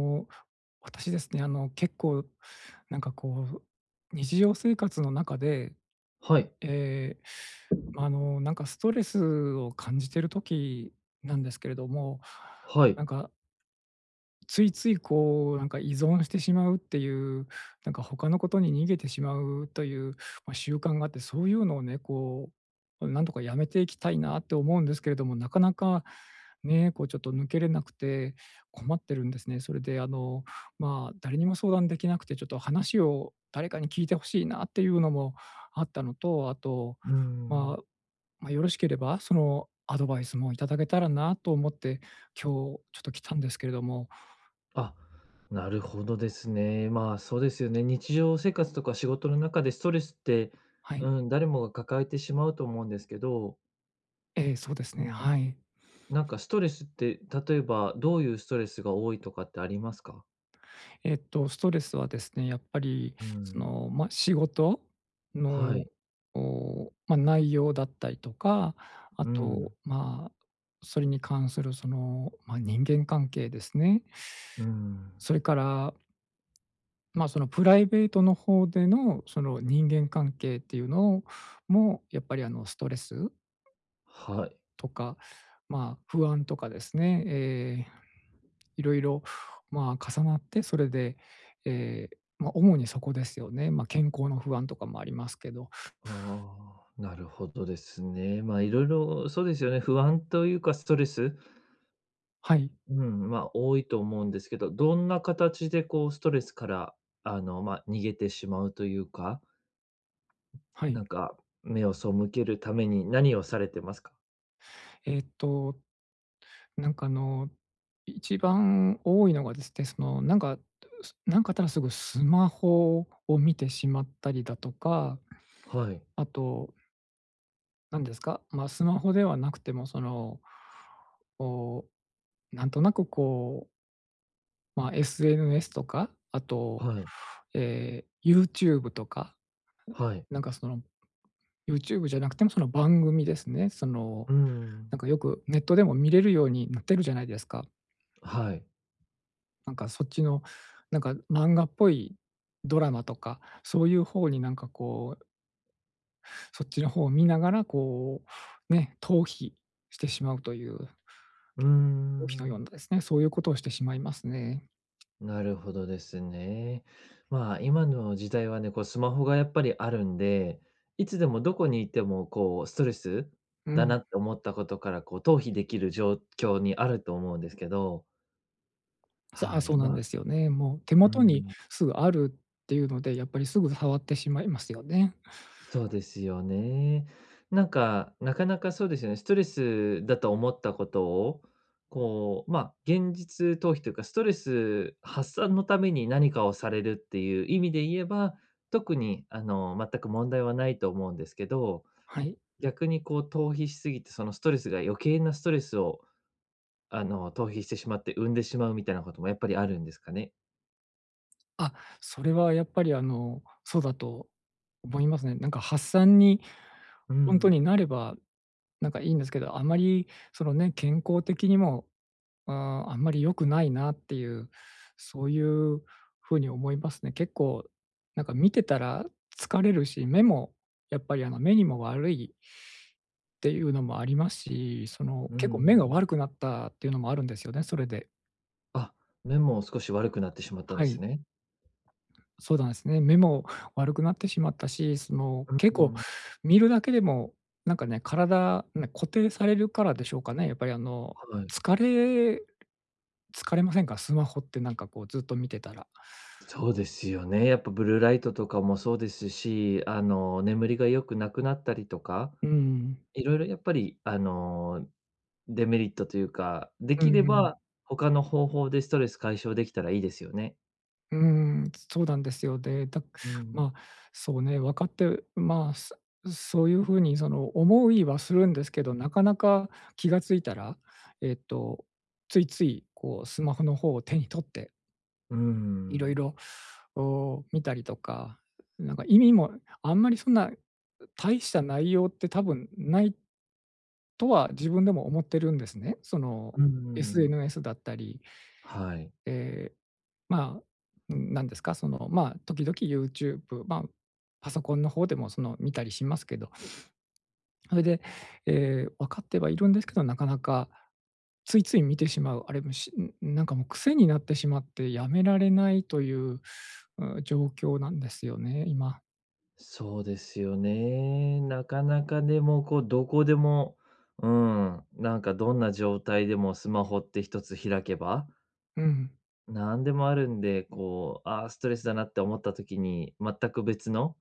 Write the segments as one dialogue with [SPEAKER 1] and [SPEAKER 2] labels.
[SPEAKER 1] の、私ですね、あの、結構なんかこう、う日常生活の中で、
[SPEAKER 2] はい
[SPEAKER 1] ええ、まあ、あの、なんかストレスを感じてる時なんですけれども、
[SPEAKER 2] はい。
[SPEAKER 1] なんかついつい、こう、なんか依存してしまうっていう、なんか他の事に逃げてしまうという、まあ、習慣があって、そういうのをね、こう、うん、なんとか止めていきたいなって思うんですけれども、なかなかね、こうちょっと抜けれなくて困ってるんですね。それであの、まあ、誰にも相談できなくてちょっと話を誰かに聞いてほしいなっていうのもあったのと、あと、
[SPEAKER 2] うー
[SPEAKER 1] ま
[SPEAKER 2] ん。
[SPEAKER 1] あ、ま、よろしければ、その、アドバイスもいただけたらなと思って、今日ちょっと来たんですけれども。
[SPEAKER 2] あ、なるほどですね。まあ、そうですよね、日常生活とか仕事の中でストレスって、
[SPEAKER 1] はい。
[SPEAKER 2] うん、誰もが抱えてしまうと思うんですけど
[SPEAKER 1] ええ、そうですね、
[SPEAKER 2] うん、
[SPEAKER 1] はい。
[SPEAKER 2] なんかストレスって、例えばどういうストレスが多いとかってありますか？
[SPEAKER 1] えっとストレスはですね、やっぱり
[SPEAKER 2] う
[SPEAKER 1] そ
[SPEAKER 2] ん。
[SPEAKER 1] の、ま、仕事
[SPEAKER 2] は
[SPEAKER 1] の、
[SPEAKER 2] い。
[SPEAKER 1] お、ま、内容だったりとか、あ
[SPEAKER 2] う
[SPEAKER 1] と、
[SPEAKER 2] ん。
[SPEAKER 1] まあ、それに関するその、ま、人間関係ですね。
[SPEAKER 2] うん。
[SPEAKER 1] そいからまあ、そのプライベートの方での、その人間関係っていうのもやっぱり、あの、ストレス
[SPEAKER 2] はい。
[SPEAKER 1] とか、まあ不安とかですね、ええ、いろいろ、まあ、重なってそれで、ええ、ま、主にそこですよね。ま、健康の不安とかもありますけど。
[SPEAKER 2] ああ、なるほどですね。まあ、色々そうですよね、不安とゆうかストレス、ん、
[SPEAKER 1] はい。
[SPEAKER 2] うん、まあ多いと思うんですけど、どんな形でこうストレスから、あの、ま、逃げてしまうとゆうか
[SPEAKER 1] はい。
[SPEAKER 2] なんか、目を背けるために何をされてますか？
[SPEAKER 1] えっと、なんか、あの、い一番多いのがですね、そのなんか、すなんかあったらすぐスマホを見てしまったりだとか、
[SPEAKER 2] はい。
[SPEAKER 1] あとなんですか、まあ、スマホではなくても、その、おお、なんとなくこうま、SNS とか、あと、
[SPEAKER 2] はい。
[SPEAKER 1] え、YouTube とか、
[SPEAKER 2] はい。
[SPEAKER 1] なんかその、YouTube じゃなくてもその番組ですね。その、
[SPEAKER 2] うーん。
[SPEAKER 1] なんかよくネットでも見れるようになってるじゃないですか。
[SPEAKER 2] はい。
[SPEAKER 1] なんかそっちの、なんか漫画っぽいドラマとか、そういう方になんかこうそっちの方を見ながら、こう、ね、逃避してしまうという、げん逃
[SPEAKER 2] うー
[SPEAKER 1] 避のよう
[SPEAKER 2] ん。
[SPEAKER 1] なですね、そういう事をしてしまいますね。
[SPEAKER 2] なるほどですね。まあ、今の時代はね、こうスマホがやっぱりあるんで、いつでもどこにいても、こうストレス
[SPEAKER 1] う
[SPEAKER 2] だ
[SPEAKER 1] ん。
[SPEAKER 2] なって思ったことから、こう、逃避できる状況にあると思うんですけど
[SPEAKER 1] そう、あ、
[SPEAKER 2] は
[SPEAKER 1] そう
[SPEAKER 2] い、
[SPEAKER 1] なんで
[SPEAKER 2] ま
[SPEAKER 1] すよね。もう手
[SPEAKER 2] う
[SPEAKER 1] 元に
[SPEAKER 2] ん。
[SPEAKER 1] すぐあるっていうので、やっぱりすぐ触ってしまいますよね。
[SPEAKER 2] そうですよね。なんか、なかなかそうですよね、ストレスだと思ったことを、こう、ま、現実逃避というか、ストレス発散のために何かをされるっていう意味で言えば、特にあの、全く問題はないと思うんですけど、
[SPEAKER 1] はい。
[SPEAKER 2] 逆にこう逃避しすぎて、そのストレスが余計なストレスを、あの、逃避してしまって、生んでしまうみたいなこともやっぱりあるんですかね？
[SPEAKER 1] あ、それはやっぱりあの、そうだと思いますね。なんか発散に
[SPEAKER 2] う
[SPEAKER 1] ほんと
[SPEAKER 2] ん。
[SPEAKER 1] になれば、なんかいいんですけど、あまりそのね、健康的にも、うーん、あんまり良くないなっていう、そういう風に思いますね。結構なんか見てたら疲れるし、目もやっぱりあの、目にも悪いていうのもありますし、その
[SPEAKER 2] うんう
[SPEAKER 1] 結構目が
[SPEAKER 2] ん。
[SPEAKER 1] 悪くなったっていうのもあるんですよね、それで。
[SPEAKER 2] あ、目も少し悪くなってしまったん
[SPEAKER 1] は
[SPEAKER 2] で
[SPEAKER 1] い。
[SPEAKER 2] すね？
[SPEAKER 1] そうだんすね、目も悪くなってしまったし、その、
[SPEAKER 2] う
[SPEAKER 1] 結構
[SPEAKER 2] ん、うん。
[SPEAKER 1] 見るだけでもなんかね、体ね、固定されるからでしょうかね、やっぱりあの、
[SPEAKER 2] はい。
[SPEAKER 1] 疲れ疲れませんか？スマホってなんか、こう、ずっと見てたら。
[SPEAKER 2] そうですよね、やっぱブルーライトとかもそうですし、あの、眠りが良くなくなったりとか、
[SPEAKER 1] うん。
[SPEAKER 2] いろいろやっぱり、あの、デメリットというか、で
[SPEAKER 1] う
[SPEAKER 2] きれ
[SPEAKER 1] んう
[SPEAKER 2] ば、
[SPEAKER 1] ん。
[SPEAKER 2] 他の方法でストレス解消できたらいいですよね。
[SPEAKER 1] うーん、つそうなんですよ。で、たく
[SPEAKER 2] うんうん。
[SPEAKER 1] ま、そうね、分かって、うまあ、すそういう風にその、思いはするんですけど、なかなか気が付いたら、えっと、ついつい、こうスマホの方を手に取って
[SPEAKER 2] う
[SPEAKER 1] いろい
[SPEAKER 2] ん。
[SPEAKER 1] ろ、お、見たりとか、なんか意味も、あんまりそんな、う大した内容って多分ないとは自分でも思ってるんですね。その、
[SPEAKER 2] うんうんうん。
[SPEAKER 1] SNS だったり
[SPEAKER 2] はい。
[SPEAKER 1] ええ、まあ、なんですか、その、ま、時々ユーチューブ、ま、パソコンの方でもその見たりしますけど。ほいで、ええ、分かってはいるんですけど、なかなかついつい見てしまう、あれもしんん、なんかもう癖になってしまってやめられないという、う、状況なんですよね、今。
[SPEAKER 2] そうですよね、なかなかでも、こうどこでも、うん、なんかどんな状態でもスマホって一つ開けば
[SPEAKER 1] うん。
[SPEAKER 2] なんでもあるんで、こう、あ、ストレスだなって思った時に、全く別の、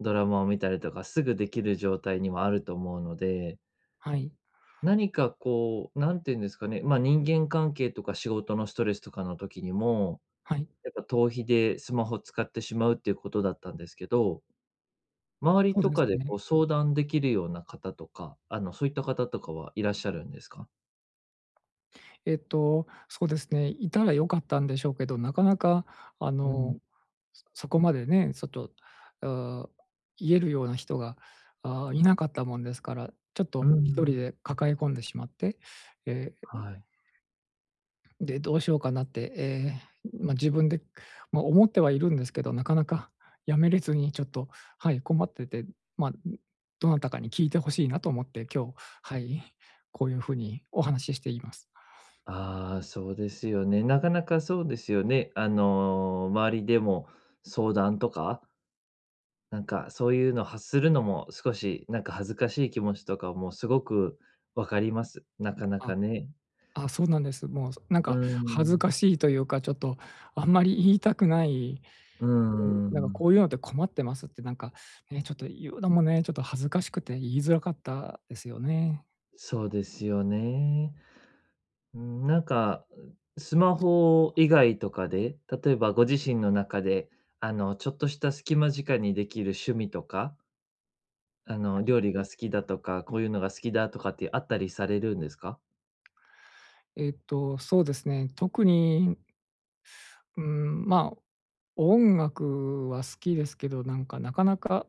[SPEAKER 2] ドラマを見たりとか、すぐできる状態にもあると思うので
[SPEAKER 1] はい。
[SPEAKER 2] 何かこう、なんて言うんですかね、ま、人間関係とか仕事のストレスとかの時にも、
[SPEAKER 1] はい。
[SPEAKER 2] やっぱ逃避でスマホ使ってしまうっていうことだったんですけど周り
[SPEAKER 1] そう
[SPEAKER 2] と
[SPEAKER 1] で
[SPEAKER 2] か
[SPEAKER 1] す
[SPEAKER 2] で
[SPEAKER 1] ね。
[SPEAKER 2] こう相談できるような方とか、あの、そういった方とかはいらっしゃるんですか？
[SPEAKER 1] えっと、そうですね、いたらよかったんでしょうけど、なかなか、あ
[SPEAKER 2] う
[SPEAKER 1] の、
[SPEAKER 2] ん。
[SPEAKER 1] すそこまでね、そっと、あ、言えるような人が、あ、いなかったもんですから、ちょっ
[SPEAKER 2] う
[SPEAKER 1] と一人
[SPEAKER 2] ん。
[SPEAKER 1] で抱え込んでしまって、ええ、え、い
[SPEAKER 2] はい。
[SPEAKER 1] で、どうしようかなって、え、うま、自分で、くま、思ってはいるんですけど、なかなか辞めれずにちょっと、はい、困ってて、うま、にどなたかに聞いて欲しいなと思って、今日、はい、こういう風にお話ししています。
[SPEAKER 2] ああ、そうですよね、なかなかそうですよね、あの、周りでも、相談とか、なんか、そういうのを発するのも、少し、なんか恥ずかしい気持ちとかもすごく分かります。なかな
[SPEAKER 1] あ。
[SPEAKER 2] かね。
[SPEAKER 1] あ、そうなんです。もう、そう、なん
[SPEAKER 2] う
[SPEAKER 1] か恥ず
[SPEAKER 2] ん。
[SPEAKER 1] かしいというか、ちょっとあんまり言いたくない、
[SPEAKER 2] う
[SPEAKER 1] うなんかこ
[SPEAKER 2] ん。
[SPEAKER 1] ういうのって困ってますってなんか、ね、ちょっと言うのもね、ちょっと恥ずかしくて言いづらかったですよね。
[SPEAKER 2] そうですよね。うーん。なんか、うスマ
[SPEAKER 1] そう、
[SPEAKER 2] ホ
[SPEAKER 1] は
[SPEAKER 2] 以
[SPEAKER 1] い。
[SPEAKER 2] 外とかで、例えばご自身の中で、あの、ちょっとした隙間時間にできる趣味とかあの、
[SPEAKER 1] はい。
[SPEAKER 2] 料理が好きだとか、こういうのが好きだとかってあったりされるんですか？
[SPEAKER 1] えっと、そうですね、特に、んうーん、ま、音楽は好きですけど、なんか、なかなか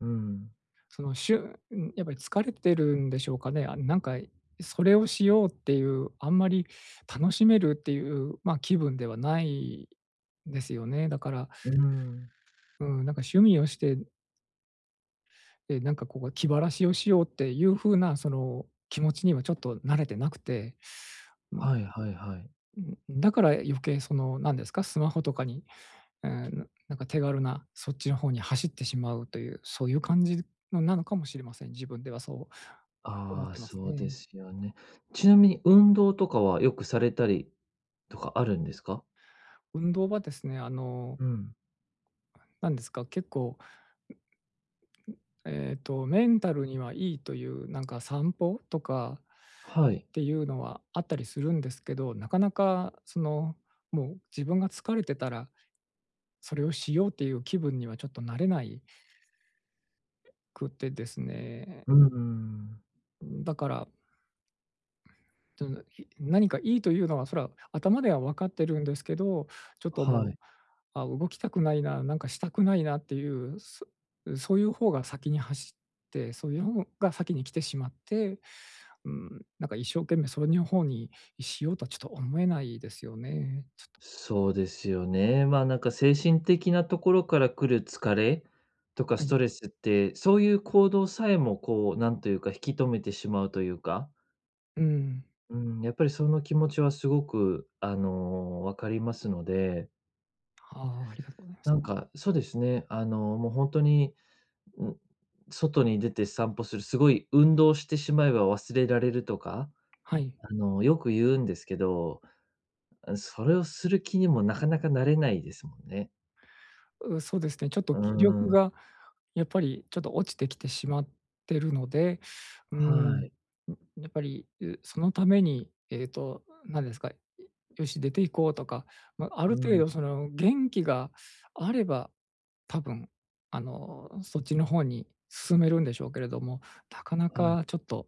[SPEAKER 2] うん。
[SPEAKER 1] そのしゅうん、やっぱり疲れてるんでしょうかね、あん、なんかい、それをしようっていう、あんまり楽しめるっていう、ま、気分ではないですよね。だから
[SPEAKER 2] うん。
[SPEAKER 1] うん、なんか趣味をしてえ、なんかこう、気晴らしをしようっていう風な、その、気持ちにはちょっとなれてなくて、うん。
[SPEAKER 2] はいはいはい。
[SPEAKER 1] うん、うだから余計その、なんですか、スマホとかに、え、のなんか手軽なそっちの方に走ってしまうという、そういう感じるのなのかもしれません。自分ではそう思っ
[SPEAKER 2] ああ、
[SPEAKER 1] てます
[SPEAKER 2] そう
[SPEAKER 1] ね。
[SPEAKER 2] ですよね。ちなみに運動とかはよくされたりとかあるんですか？
[SPEAKER 1] 運動はですね、あの
[SPEAKER 2] うん。
[SPEAKER 1] なんですか、結構ええと、メンタルにはいいという、なんか散歩とか、
[SPEAKER 2] はい。
[SPEAKER 1] っていうのはあったりするんですけど、なかなかそのもう、自分が疲れてたら、それをしようっていう気分にはちょっとなれないえ、くってですね。
[SPEAKER 2] うん、うーん。
[SPEAKER 1] うーん、だからとなひ何
[SPEAKER 2] うん。
[SPEAKER 1] かいいというのは、それは頭では分かってるんですけど、ちょっとも
[SPEAKER 2] は
[SPEAKER 1] う、
[SPEAKER 2] い。
[SPEAKER 1] あ、動きたくないな、なんかしたくないなっていう、そそういう方が先に走って、そういう方が先に来てしまって、うーん、なんか一生懸命それに方に、いしようとはちょっと思えないですよね、ちょっと。
[SPEAKER 2] そうですよね、ま、なんか精神的なところからくる疲れとか
[SPEAKER 1] は
[SPEAKER 2] ス
[SPEAKER 1] い。
[SPEAKER 2] トレスって、そういう行動さえもこう、なんというか、引き止めてしまうというか。
[SPEAKER 1] うん。
[SPEAKER 2] うん、やっぱりその気持ちは凄くあの、分かりますので
[SPEAKER 1] ああ、ありがとうございます。
[SPEAKER 2] なんか、そうですね、あの、もうほんとに、ん、外に出て散歩する、すごい運動してしまえば忘れられるとか、
[SPEAKER 1] はい。
[SPEAKER 2] あの、よく言うんですけど、うん、それをする気にもなかなかなれないですもんね。
[SPEAKER 1] うそうですね、ちょっと
[SPEAKER 2] うー
[SPEAKER 1] 気力
[SPEAKER 2] ん。
[SPEAKER 1] がやっぱりちょっと落ちてきてしまってるので、うん、
[SPEAKER 2] は
[SPEAKER 1] ん、
[SPEAKER 2] い。
[SPEAKER 1] やっぱり、うそのためにえっと、うなんですか、いよし出て行こうとか、ま、ある
[SPEAKER 2] う
[SPEAKER 1] 程
[SPEAKER 2] ん。
[SPEAKER 1] 度その元気があれば、多分あの、そっちの方に進めるんでしょうけれども、なかな
[SPEAKER 2] はい。
[SPEAKER 1] かちょっと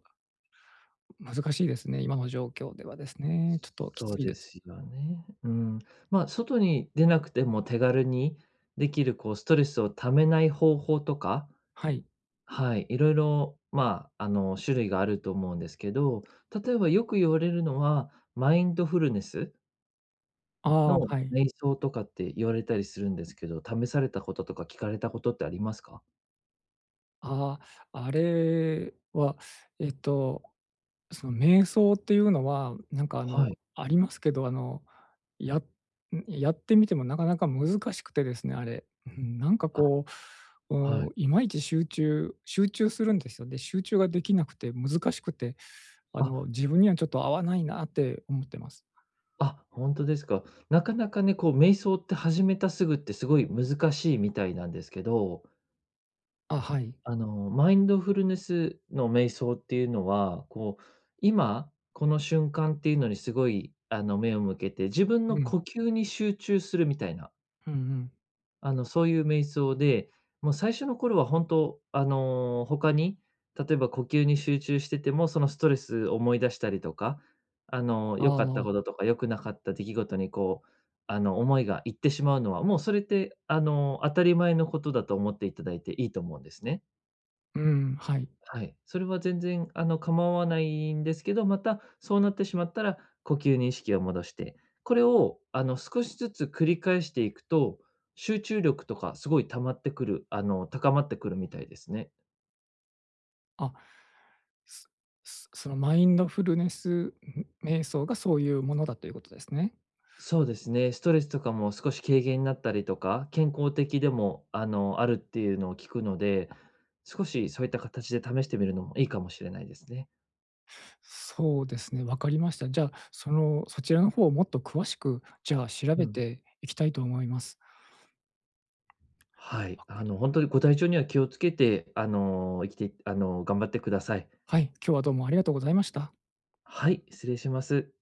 [SPEAKER 1] う難しいですね、今の状況ではですね、ちょっとき
[SPEAKER 2] そ
[SPEAKER 1] つ
[SPEAKER 2] う
[SPEAKER 1] い
[SPEAKER 2] で
[SPEAKER 1] です。
[SPEAKER 2] すよね、うん、ま、外に出なくても手軽にできる、こう、ストレスを溜めない方法とか
[SPEAKER 1] はい。
[SPEAKER 2] はい、色々ま、あの、種類があると思うんですけど、例えば、よく言われるのは、マインドフルネス。
[SPEAKER 1] ああ、
[SPEAKER 2] の
[SPEAKER 1] はい。
[SPEAKER 2] 瞑想とかって言われたりするんですけど、試されたこととか聞かれたことってありますか？
[SPEAKER 1] ああ、あれは、えっと、その瞑想っていうのは、うなんかあの、
[SPEAKER 2] はい。
[SPEAKER 1] ありますけど、あの、やうん、やってみてもなかなか難しくてですね、あれ。うん、なんか
[SPEAKER 2] あ、
[SPEAKER 1] こう、
[SPEAKER 2] はい。
[SPEAKER 1] お、いまいち集中集中するんですよ。で、集中ができなくて、難しくて、あ
[SPEAKER 2] あ。
[SPEAKER 1] の、自分にはちょっと合わないなって思ってます。
[SPEAKER 2] あ、ほんとですか。なかなかね、こう瞑想って始めたすぐって、すごい難しいみたいなんですけど
[SPEAKER 1] あ、はい。
[SPEAKER 2] あの、マインドフルネスの瞑想っていうのは、こう、今この瞬間っていうのにすごい、あの、目を向けて、自分の
[SPEAKER 1] うん。
[SPEAKER 2] 呼吸に集中するみたいな。
[SPEAKER 1] うんうん。
[SPEAKER 2] あの、そういう瞑想で、もう最初の頃は本当、あの、他に、例えば、呼吸に集中してても、そのストレス思い出したりとか、あの、
[SPEAKER 1] あ
[SPEAKER 2] 良
[SPEAKER 1] あ
[SPEAKER 2] かっ
[SPEAKER 1] あ
[SPEAKER 2] た
[SPEAKER 1] あ。
[SPEAKER 2] こととか、良くなかった出来事にこう、あの、思いがいってしまうのは、もうそれってあの、当たり前のことだと思っていただいて、いいと思うんですね。
[SPEAKER 1] うん、はい。
[SPEAKER 2] はい、それは全然あの、構わないんですけど、また、そうなってしまったら、呼吸に意識を戻して。これをあの、少しずつ繰り返していくと、集中力とかすごい溜まってくる、あの、高まってくるみたいですね。
[SPEAKER 1] あ、すすそのマインドフルネス、うん、瞑想がそういうものだという事ですね？
[SPEAKER 2] そうですね、ストレスとかも少し軽減になったりとか、健康的でもあの、あるっていうのを聞くので、少しそういった形で試してみるのもいいかもしれないですね。
[SPEAKER 1] そうですね、わかりました。じゃ、その、そちらの方をもっと詳しく、じゃあ、調
[SPEAKER 2] う
[SPEAKER 1] べ
[SPEAKER 2] ん。
[SPEAKER 1] ていきたいと思います。
[SPEAKER 2] はい、
[SPEAKER 1] わか
[SPEAKER 2] あ
[SPEAKER 1] り
[SPEAKER 2] の、ほんとにご体調には気をつけて、あの、生きていってあの、頑張ってください。
[SPEAKER 1] はい。今日はどうもありがとうございました。
[SPEAKER 2] はい、失礼します。